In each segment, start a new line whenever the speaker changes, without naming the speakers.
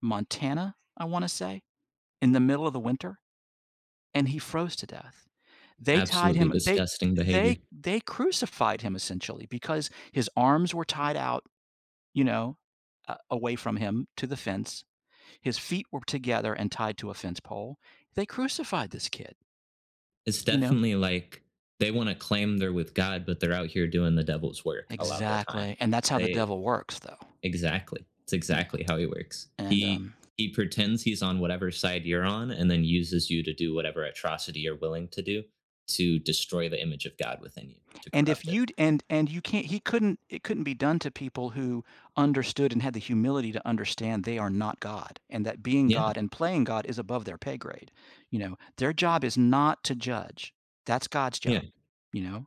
Montana, I wanna say, in the middle of the winter, and he froze to death. They tied
Absolutely
him they
disgusting
they
behavior.
they crucified him essentially because his arms were tied out, you know, a away from him to the fence, his feet were together and tied to a fence pole, they crucified this kid
It's
you know?
definitely, like, they want to claim they're with God, but they're out here doing the devil's work a lot of the time,
Exactly, and that's how the
they
devil works though.
Exactly, it's
You know.
exactly how he works,
And,
he
um
he pretends he's on whatever side you're on and then uses you to do whatever atrocity you're willing to do to destroy the image of God within you, to
And if
corrupt it.
you'd and and you can't he couldn't it couldn't be done to people who understood and had the humility to understand they are not God and that being
Yeah.
God and playing God is above their pay grade, you know? Their job is not to judge, that's God's
Yeah.
job, you know,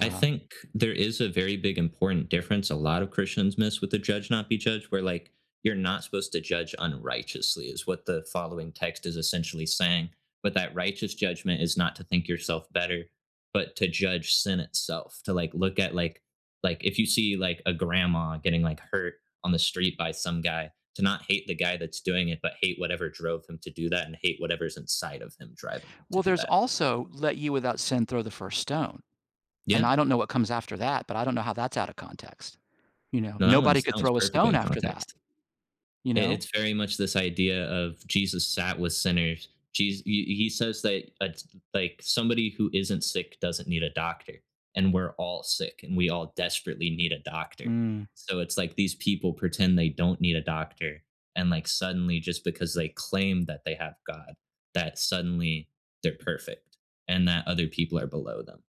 I think there is a very big important difference a lot of Christians miss with the “Judge not be judged,” where, like, you're not supposed to judge unrighteously, is what the following text is essentially saying, but that righteous judgment is not to think yourself better, but to judge sin itself, to like, look at like like if you see, like, a grandma getting, like, hurt on the street by some guy, to not hate the guy that's doing it, but hate whatever drove him to do that and hate whatever's inside of him driving him to
Well,
do
there's
that.
also “Let you without sin throw the first stone,” and
Yeah.
I don't know what comes after that, but I don't know how that's out of context, you know?
No, that
Nobody
one's
could
that one's
throw a
perfectly
stone
in
after that,
context,
you
i
know?
it's very much this idea of Jesus sat with sinners, Jes he he says that a d like, somebody who isn't sick doesn't need a doctor, and we're all sick, and we all desperately need a doctor,
Mm.
so it's like these people pretend they don't need a doctor, and, like, suddenly, just because they claim that they have God, that suddenly they're perfect and that other people are below them.